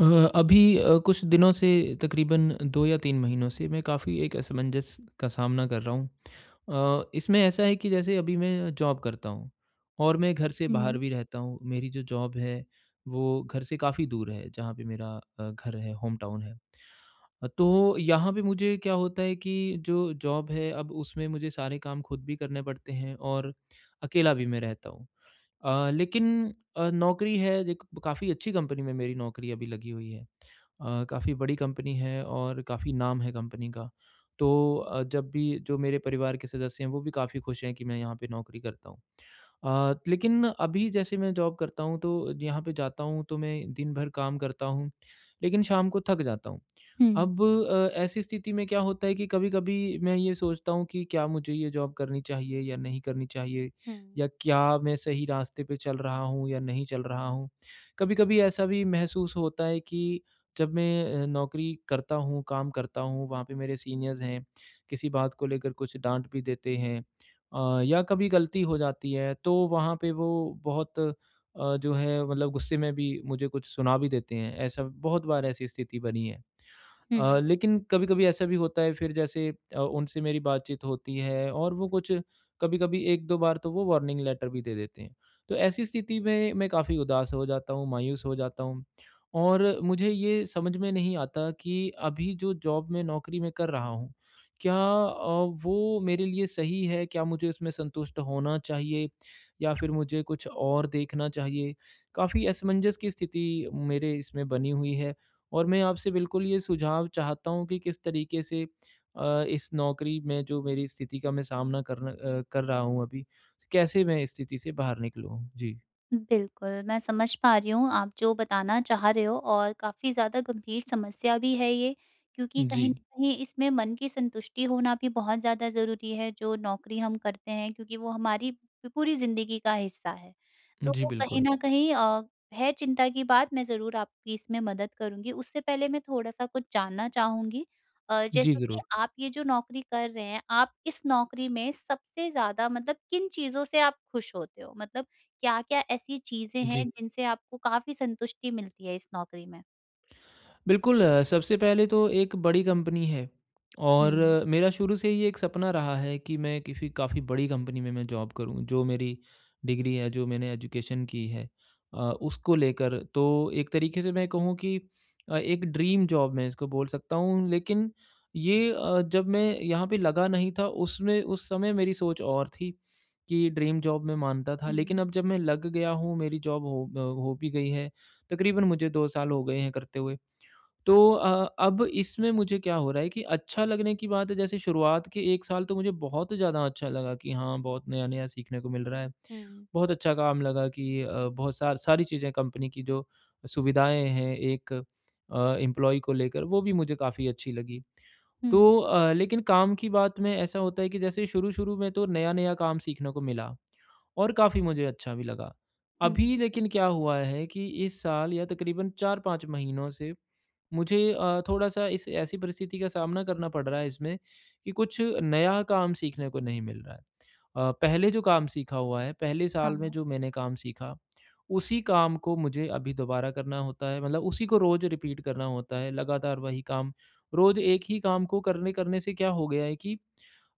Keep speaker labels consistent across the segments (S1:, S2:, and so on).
S1: अ, अभी अ, कुछ दिनों से तकरीबन 2 या 3 महीनों से मैं काफ़ी एक असमंजस का सामना कर रहा हूँ। अ, इसमें ऐसा है कि जैसे अभी मैं जॉब करता हूँ और मैं घर से बाहर
S2: हुँ।
S1: भी रहता हूँ मेरी जो जॉब है वो घर से काफ़ी दूर है जहाँ पे मेरा अ, घर है होमटाउन है। अ, तो यहाँ पे मुझे क्या होता है कि जो जॉब है अब उसमें मुझे सारे काम खुद भी करने पड़ते हैं और अकेला भी मैं रहता हूँ अ, लेकिन अ, नौकरी है एक काफ़ी अच्छी कंपनी में मेरी नौकरी अभी लगी हुई है। अ, काफ़ी बड़ी कंपनी है और काफ़ी नाम है कंपनी का तो अ, जब भी जो मेरे परिवार के सदस्य हैं वो भी काफ़ी खुश हैं कि मैं यहाँ पे नौकरी करता हूँ। अ, लेकिन अभी जैसे मैं जॉब करता हूँ तो यहाँ पे जाता हूँ तो मैं दिन भर काम करता हूँ लेकिन शाम को थक जाता हूँ
S2: हुँ।
S1: अब अ, ऐसी स्थिति में क्या होता है कि कभी-कभी मैं ये सोचता हूँ कि क्या मुझे ये जॉब करनी चाहिए या नहीं करनी चाहिए?
S2: हुँ।
S1: या क्या मैं सही रास्ते पे चल रहा हूँ या नहीं चल रहा हूँ? कभी-कभी ऐसा भी महसूस होता है कि जब मैं अ, नौकरी करता हूँ काम करता हूँ वहाँ पे मेरे सीनियर्स हैं किसी बात को लेकर कुछ डाँट भी देते हैं अ, या कभी गलती हो जाती है तो वहाँ पे वो बहुत अ, जो है मतलब गुस्से में भी मुझे कुछ सुना भी देते हैं ऐसा बहुत बार ऐसी स्थिति बनी है। अ,
S2: हुँ।
S1: लेकिन कभी-कभी ऐसा भी होता है फिर जैसे अ, उनसे मेरी बातचीत होती है और वो कुछ कभी-कभी 1-2 बार तो वो वार्निंग लेटर भी दे देते हैं तो ऐसी स्थिति में मैं काफ़ी उदास हो जाता हूँ, मायूस हो जाता हूँ। और मुझे ये समझ में नहीं आता कि अभी जो जॉब में नौकरी में कर रहा हूँ क्या अ, वो मेरे लिए सही है, क्या मुझे इसमें संतुष्ट होना चाहिए या फिर मुझे कुछ और देखना चाहिए। काफ़ी असमंजस की स्थिति मेरे इसमें बनी हुई है और मैं आपसे बिल्कुल ये सुझाव चाहता हूँ कि किस तरीके से अ, इस नौकरी में जो मेरी स्थिति का मैं सामना करना अ, कर रहा हूँ अभी कैसे मैं इस स्थिति से बाहर निकलूँ? जी।
S2: बिल्कुल, मैं समझ पा रही हूँ आप जो बताना चाह रहे हो और काफ़ी ज़्यादा गंभीर समस्या भी है ये, क्योंकि कहीं न
S1: जी।
S2: कहीं इसमें मन की संतुष्टि होना भी बहुत ज़्यादा ज़रूरी है जो नौकरी हम करते हैं, क्योंकि वो हमारी प पूरी ज़िंदगी का हिस्सा है। तो
S1: जी,
S2: वो कहीं
S1: बिल्कुल।
S2: न कहीं अ, है चिंता की बात मैं ज़रूर आपकी इसमें मदद करूँगी उससे पहले मैं थोड़ा सा कुछ जानना चाहूँगी। अ,
S1: जी,
S2: जैसा कि
S1: ज़रूर।
S2: आप ये जो नौकरी कर रहे हैं, आप इस नौकरी में सबसे ज़्यादा मतलब किन चीज़ों से आप खुश होते हो मतलब क्या-क्या ऐसी चीज़ें हैं
S1: जी।
S2: जिनसे आपको काफ़ी संतुष्टि मिलती है इस नौकरी में?
S1: बिल्कुल, सबसे पहले तो एक बड़ी कंपनी है, और
S2: हुँ।
S1: मेरा शुरू से ही ये एक सपना रहा है कि मैं किसी काफ़ी बड़ी कंपनी में मैं जॉब करूँ जो मेरी डिग्री है, जो मैंने एजुकेशन की है अ, उसको लेकर। तो एक तरीके से मैं कहूँ कि अ, एक ड्रीम जॉब मैं इसको बोल सकता हूँ लेकिन ये अ, जब मैं यहाँ पे लगा नहीं था उसमें उस समय मेरी सोच और थी कि ड्रीम जॉब मैं मानता था लेकिन
S2: हुँ।
S1: अब जब मैं लग गया हूँ मेरी जॉब हो अ, हो भी गई है, तकरीबन मुझे 2 साल हो गए हैं करते हुए। तो अ, अब इसमें मुझे क्या हो रहा है कि अच्छा लगने की बात है जैसे शुरुआत के 1 साल तो मुझे बहुत ज़्यादा अच्छा लगा कि हाँ, बहुत नया-नया सीखने को मिल रहा है,
S2: हुँ।
S1: बहुत अच्छा काम लगा कि अ, बहुत सार सारी चीजें कंपनी की जो सुविधाएँ हैं एक अ, एम्प्लॉयी को लेकर, वो भी मुझे काफ़ी अच्छी लगी।
S2: हुँ।
S1: तो अ, लेकिन काम की बात में ऐसा होता है कि जैसे शुरू-शुरू में तो नया-नया काम सीखने को मिला, और काफ़ी मुझे अच्छा भी लगा।
S2: हुँ।
S1: अभी लेकिन क्या हुआ है कि इस साल या तकरीबन 4-5 महीनों से, मुझे अ, थोड़ा सा इस ऐसी परिस्थिति का सामना करना पड़ रहा है इसमें कि कुछ नया काम सीखने को नहीं मिल रहा है। अ, पहले जो काम सीखा हुआ है, पहले साल में
S2: हाँ।
S1: जो मैंने काम सीखा, उसी काम को मुझे अभी दोबारा करना होता है, मतलब उसी को रोज़ रीपीट करना होता है लगातार वही काम। रोज़ एक ही काम को करने-करने से क्या हो गया है कि,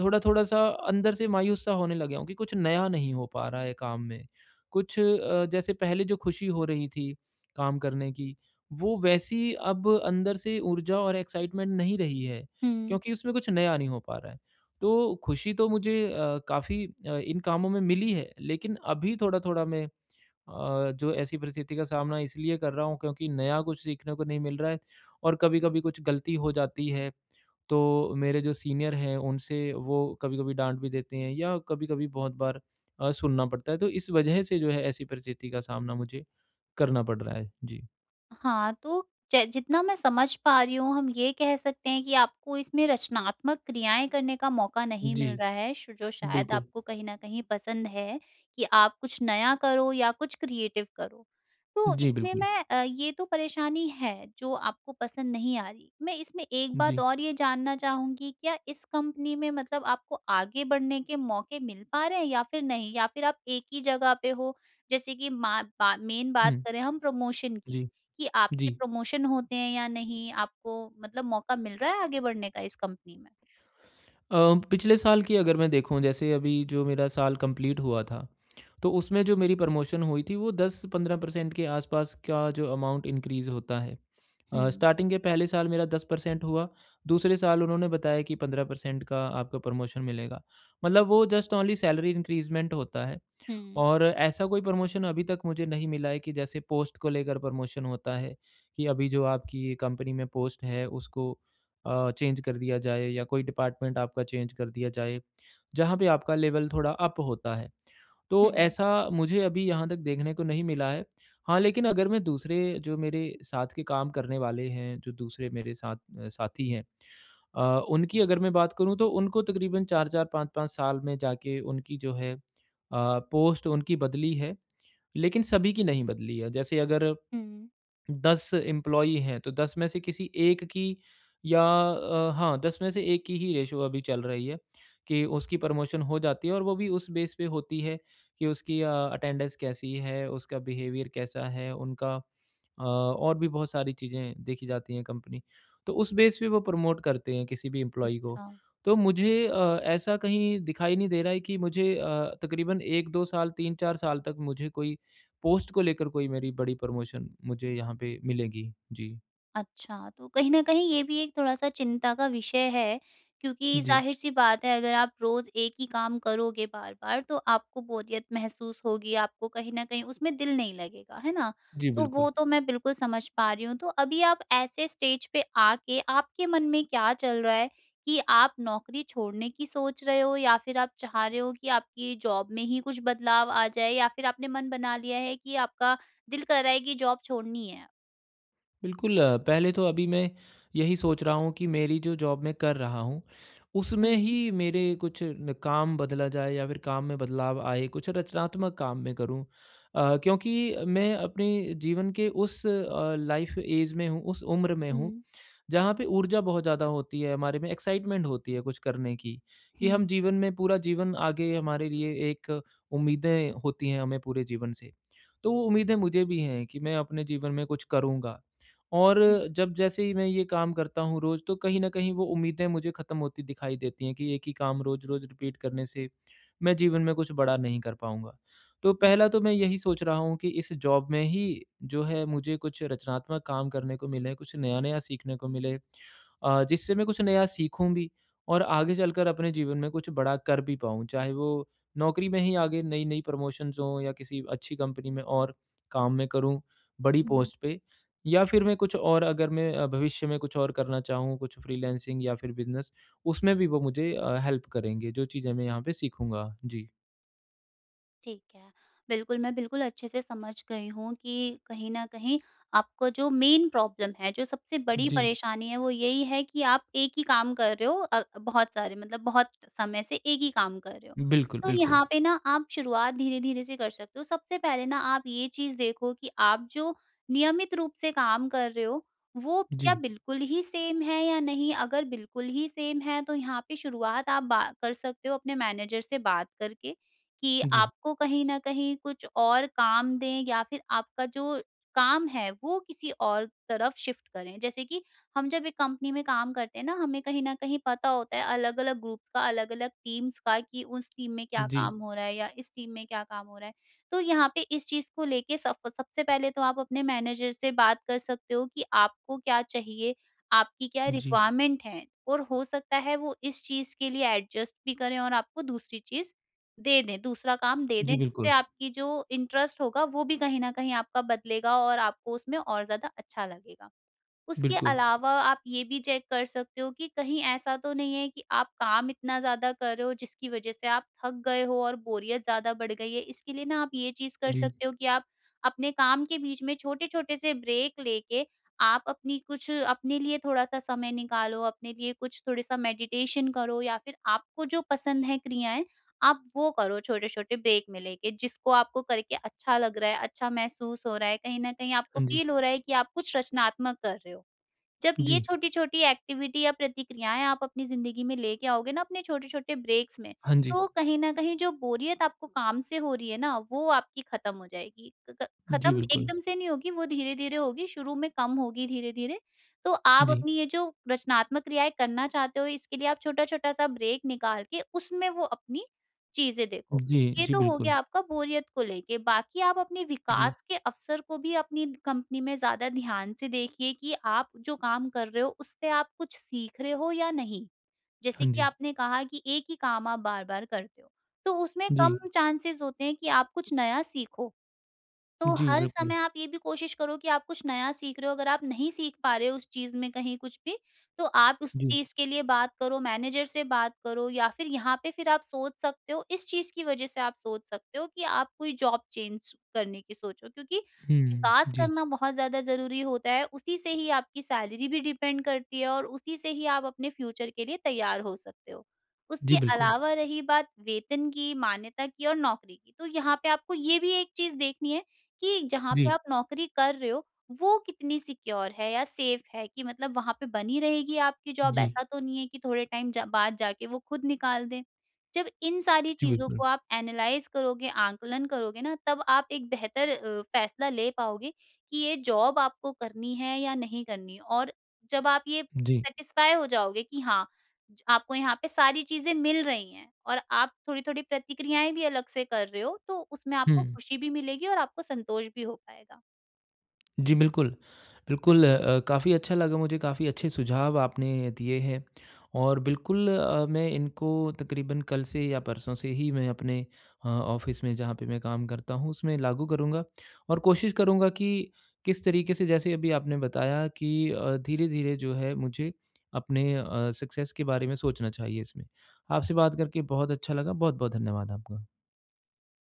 S1: थोड़ा-थोड़ा सा अंदर से मायूस सा होने लग गया हूँ कि कुछ नया नहीं हो पा रहा है काम में, कुछ अ, जैसे पहले जो खुशी हो रही थी, काम करने की वो वैसी अब अंदर से ऊर्जा और एक्साइटमेंट नहीं रही है,
S2: हुँ।
S1: क्योंकि उसमें कुछ नया नहीं हो पा रहा है। तो खुशी तो मुझे अ, काफ़ी अ, इन कामों में मिली है लेकिन अभी थोड़ा-थोड़ा मैं अ, जो ऐसी परिस्थिति का सामना इसलिए कर रहा हूँ क्योंकि नया कुछ सीखने को नहीं मिल रहा है, और कभी-कभी कुछ गलती हो जाती है, तो मेरे जो सीनियर हैं उनसे वो कभी-कभी डाँट भी देते हैं या कभी-कभी बहुत बार अ, सुनना पड़ता है, तो इस वजह से जो है ऐसी परिस्थिति का सामना मुझे करना पड़ रहा है। जी।
S2: हाँ, तो जै जितना मैं समझ पा रही हूँ, हम ये कह सकते हैं कि आपको इसमें रचनात्मक क्रियाएँ करने का मौका नहीं मिल
S1: जी।
S2: रहा है, शो जो शायद
S1: बिल्कुल।
S2: आपको कहीं न कहीं पसंद है कि आप कुछ नया करो या कुछ क्रिएटिव करो। तो
S1: जी
S2: इसमें
S1: बिल्कुल।
S2: मैं अ, ये तो परेशानी है जो आपको पसंद नहीं आ रही है। मैं इसमें एक बात
S1: जी।
S2: और ये जानना चाहूँगी क्या इस कंपनी में मतलब आपको आगे बढ़ने के मौके मिल पा रहे हैं या फिर नहीं? या फिर आप एक ही जगह पे हो जैसे कि मैं मा बा मेन बात
S1: हुँ।
S2: करें हम प्रमोशन की,
S1: जी।
S2: कि आपके
S1: जी।
S2: प्रमोशन होते हैं या नहीं, आपको मतलब मौका मिल रहा है आगे बढ़ने का इस कंपनी में?
S1: अ, पिछले साल की अगर मैं देखूँ जैसे अभी जो मेरा साल कंप्लीट हुआ था, तो उसमें जो मेरी प्रमोशन हुई थी वो 10 से 15 परसेंट के आस-पास का जो अमाउंट इनक्रीज़ होता है। अ,
S2: हुँ।
S1: स्टार्टिंग के पहले साल मेरा हुआ, दूसरे साल उन्होंने बताया कि 15 परसेंट का आपको प्रमोशन मिलेगा। मतलब वो जस्ट ओनली सैलरी इंक्रीज़मेंट होता है
S2: हुँ।
S1: और ऐसा कोई प्रमोशन अभी तक मुझे नहीं मिला है कि जैसे पोस्ट को लेकर प्रमोशन होता है कि अभी जो आपकी ये कंपनी में पोस्ट है उसको अ, चेंज़ कर दिया जाए या कोई डिपार्टमेंट आपका चेंज़ कर दिया जाए, जहाँ पे आपका लेवल थोड़ा अप होता है। तो
S2: हुँ।
S1: ऐसा मुझे अभी यहाँ तक देखने को नहीं मिला है। हाँ, लेकिन अगर मैं दूसरे जो मेरे साथ के काम करने वाले हैं, जो दूसरे मेरे साथ अ, साथी हैं, अ, उनकी अगर मैं बात करूँ तो उनको तकरीबन 4-4 5-5 साल में जाके उनकी जो है अ, पोस्ट उनकी बदली है, लेकिन सभी की नहीं बदली है। जैसे अगर
S2: हुँ।
S1: 10 एम्प्लॉई हैं तो 10 में से किसी 1 की या अ, हाँ 10 में से एक की ही रेशियो अभी चल रही है कि उसकी प्रमोशन हो जाती है और वो भी उस बेस पे होती है कि उसकी अ, अटेंडेंस कैसी है? उसका बिहेवियर कैसा है उनका? अ, और भी बहुत सारी चीजें देखी जाती है कंपनी। तो उस बेस पे वो प्रमोट करते हैं किसी भी एम्प्लॉई को।
S2: अच्छा।
S1: तो मुझे अ, ऐसा कहीं दिखाई नहीं दे रहा है कि मुझे अ, तकरीबन 1-2 साल, 3-4 साल तक मुझे कोई पोस्ट को लेकर कोई मेरी बड़ी प्रमोशन मुझे यहाँ पे मिलेगी। जी।
S2: अच्छा। तो कहीं न कहीं ये भी एक थोड़ा-सा चिंता का विषय हैं क्योंकि
S1: जी।
S2: ज़ाहिर-सी बात हैं अगर आप रोज़ एक ही काम करोगे बार-बार तो, आपको बोरियत महसूस होगी आपको कहीं न कहीं उसमें दिल नहीं लगेगा। हैं ना?
S1: जी
S2: तो
S1: बिल्कुल।
S2: वो तो मैं बिल्कुल समझ पा रही हूँ। तो अभी आप ऐसे स्टेज पे आके आपके मन में क्या चल रहा हैं कि आप नौकरी छोड़ने की सोच रहे हो या फिर आप चाह रहे हो कि आपकी ज़ॉब में ही कुछ बदलाव आ जाए या फिर आपने मन बना लिया हैं कि आपका दिल कह रहा हैं कि ज़ॉब छोड़नी हैं?
S1: बिल्कुल। पहले तो अभी मैं यही सोच रहा हूँ कि मेरी जो ज़ॉब मैं कर रहा हूँ उसमें ही
S2: हुँ।
S1: मेरे कुछ न काम बदला जाए या फ़िर काम में बदलाव आए, कुछ रचनात्मक काम मैं करूँ। अ, क्योंकि मैं अपने जीवन के उस अ, लाइफ़ ऐज में हूँ उस उम्र में हूँ
S2: हुँ।
S1: जहाँ पे ऊर्जा बहुत ज़्यादा होती हैं हमारे में, एक्साइटमेंट होती है कुछ करने की, कि हम
S2: हुँ।
S1: जीवन में पूरा जीवन आगे हमारे लिए एक उम्मीदें होती हैं हमें पूरे जीवन से। तो उम्मीदें मुझे भी हैं कि मैं अपने जीवन में कुछ करूँगा। और
S2: हुँ।
S1: जब जैसे ही मैं ये काम करता हूँ रोज़ तो कहीं न कहीं वो उम्मीदें मुझे ख़त्म होती दिखाई देती हैं कि एक ही काम रोज़-रोज़ रिपीट करने से मैं जीवन में कुछ बड़ा नहीं कर पाऊँगा। तो
S2: हुँ।
S1: पहला तो मैं यही सोच रहा हूँ कि इस ज़ॉब में ही जो हैं मुझे कुछ रचनात्मक काम करने को मिले, कुछ नया-नया सीखने को मिले। अ, जिससे मैं कुछ नया सीखूँ भी और आगे चलकर अपने जीवन में कुछ बड़ा कर भी पाऊँ, चाहे वो नौकरी में ही आगे नई-नई प्रमोशन्स हों या किसी अच्छी कंपनी में और काम मैं करूँ बड़ी
S2: हुँ।
S1: पोस्ट पे। या फ़िर मैं कुछ और अगर मैं भविष्य में कुछ और करना चाहूँ कुछ फ्रीलांसिंग या फ़िर बिज़नेस उसमें भी वो मुझे अ, हेल्प करेंगे, जो चीज़ें मैं यहाँ पे सीखूँगा। जी।
S2: ठीक है, बिल्कुल, मैं बिल्कुल अच्छे से समझ गई हूँ कि कहीं न कहीं, आपको जो मेन प्रॉब्लम है, जो सबसे बड़ी
S1: जी।
S2: परेशानी है वो यही है कि आप एक ही काम कर रहे हो अ, बहुत सारे मतलब बहुत समय से एक ही काम कर रहे हो।
S1: बिल्कुल,
S2: तो
S1: बिल्कुल।
S2: यहाँ पे ना आप शुरुआत धीरे-धीरे से कर सकते हो, सबसे पहले ना आप ये चीज़ देखो कि आप जो नियमित रूप से काम कर रहे हो, वो क्या
S1: जी।
S2: बिल्कुल ही सेम है या नहीं, अगर बिल्कुल ही सेम है तो यहाँ पे शुरुआत आप बा कर सकते हो अपने मैनेजर से बात करके, कि
S1: जी।
S2: आपको कहीं न कहीं कुछ और काम दें या फिर आपका जो काम है वो किसी और तरफ शिफ्ट करें, जैसे कि हम जब एक कंपनी में काम करते हैं ना हमें कहीं न कहीं पता होता है अलग-अलग ग्रुप्स का अलग-अलग टीम्स का कि उस टीम में क्या
S1: जी।
S2: काम हो रहा है या इस टीम में क्या काम हो रहा है? तो यहाँ पे इस चीज़ को लेके सफ सबसे पहले तो आप अपने मैनेजर से बात कर सकते हो कि आपको क्या चाहिए, आपकी क्या
S1: जी।
S2: रिक्वायरमेंट है, और हो सकता है वो इस चीज़ के लिए एडजस्ट भी करें और आपको दूसरी चीज़ दे दें, दूसरा काम दे दें
S1: जी,
S2: जिससे
S1: बिल्कुल।
S2: आपकी जो इंटरेस्ट होगा वो भी कहीं न कहीं आपका बदलेगा और आपको उसमें और ज़्यादा अच्छा लगेगा। उसके
S1: बिल्कुल।
S2: अलावा आप ये भी चेक कर सकते हो कि कहीं ऐसा तो नहीं है कि आप काम इतना ज़्यादा कर रहे हो जिसकी वजह से आप थक गए हो और बोरियत ज़्यादा बढ़ गई है, इसके लिए ना आप ये चीज़ कर
S1: जी।
S2: सकते हो कि आप अपने काम के बीच में छोटे-छोटे से ब्रेक लेके, आप अपनी कुछ अपने लिए थोड़ा सा समय निकालो, अपने लिए कुछ थोड़ा सा मेडिटेशन करो या फिर आपको जो पसंद है क्रियाएँ, आप वो करो छोटे-छोटे ब्रेक में लेके जिसको आपको करके अच्छा लग रहा है, अच्छा महसूस हो रहा है, कहीं न कहीं आपको
S1: हाँ जी।
S2: फील हो रहा है कि आप कुछ रचनात्मक कर रहे हो। जब ये
S1: जी।
S2: छोटी-छोटी एक्टिविटी या प्रतिक्रियाएँ आप अपनी ज़िंदगी में लेके आओगे ना अपने छोटे-छोटे ब्रेक्स में,
S1: हाँ जी।
S2: तो कहीं न कहीं जो बोरियत आपको काम से हो रही है ना, वो आपकी ख़त्म हो जाएगी, क क
S1: जी,
S2: ख़त्म
S1: बिल्कुल।
S2: एकदम से नहीं होगी वो धीरे-धीरे होगी शुरू में कम होगी धीरे-धीरे, तो आप
S1: जी।
S2: अपनी ये जो रचनात्मक क्रियाएँ करना चाहते हो इसके लिए आप छोटा-छोटा सा ब्रेक निकाल के उसमें वो अपनी चीज़ें देखो।
S1: जी,
S2: ये
S1: जी,
S2: तो हो
S1: बिल्कुल।
S2: गया आपका बोरियत को लेके, बाकी आप अपने
S1: जी।
S2: विकास के अवसर को भी अपनी कंपनी में ज़्यादा ध्यान से देखिए कि आप जो काम कर रहे हो उससे आप कुछ सीख रहे हो या नहीं, जैसे
S1: हाँ
S2: कि
S1: जी।
S2: आपने कहा कि एक ही काम आप बार-बार करते हो, तो उसमें कम
S1: जी।
S2: चांसेज़ होते हैं कि आप कुछ नया सीखो। तो
S1: जी,
S2: हर
S1: बिल्कुल।
S2: समय आप ये भी कोशिश करो कि आप कुछ नया सीख रहे हो, अगर आप नहीं सीख पा रहे हो उस चीज़ में कहीं कुछ भी, तो आप उस
S1: जी।
S2: चीज़ के लिए बात करो, मैनेजर से बात करो या फिर यहाँ पे फिर आप सोच सकते हो इस चीज़ की वजह से आप सोच सकते हो कि आप कोई जॉब चेंज करने की सोचो क्योंकि
S1: हुँ, हुँ,
S2: विकास
S1: जी।
S2: करना बहुत ज़्यादा ज़रूरी होता है, उसी से ही आपकी सैलरी भी डिपेंड करती है और उसी से ही आप अपने फ्यूचर के लिए तैयार हो सकते हो।
S1: जी,
S2: उसके
S1: बिल्कुल।
S2: अलावा रही बात वेतन की, मान्यता की और नौकरी की, तो यहाँ पे आपको ये भी एक चीज़ देखनी है कि जहाँ पे
S1: जी।
S2: आप नौकरी कर रहे हो वो कितनी सिक्योर है या सेफ है कि मतलब वहाँ पर बनी रहेगी आपकी जॉब
S1: जी।
S2: ऐसा तो नहीं है कि थोड़े टाइम जा बाद जाके वो खुद निकाल दें। जब इंसान सारी
S1: जी,
S2: चीज़
S1: बिल्कुल।
S2: को आप एनालाइज़ करोगे, आँकलन करोगे ना तब आप एक बेहतर अ, फैसला ले पाओगे कि ये जॉब आपको करनी है या नहीं करनी है, और जब आप ये
S1: जी।
S2: सैटिस्फाई हो जाओगे कि हाँ, ज आपको यहाँ पे सारी चीज़ें मिल रही हैं और आप थोड़ी-थोड़ी प्रतिक्रियाएँ भी अलग से कर रहे हो, तो उसमें आपको
S1: हुँ।
S2: खुशी भी मिलेगी और आपको संतोष भी हो पाएगा।
S1: जी, बिल्कुल। बिल्कुल, अ अ, काफ़ी अच्छा लगा मुझे काफ़ी अच्छे सुझाव आपने दिए हैं, और बिल्कुल अ, मैं इनको तकरीबन कल से या परसों से ही मैं अपने अ, ऑफिस में जहाँ पे मैं काम करता हूँ उसमें लागू करूँगा, और कोशिश करूँगा कि किस तरीके से जैसे अभी आपने बताया कि अ, धीरे-धीरे जो है मुझे अपने अ, सक्सेस के बारे में सोचना चाहिए इसमें। आपसे बात करके बहुत अच्छा लगा, बहुत-बहुत धन्यवाद आपका।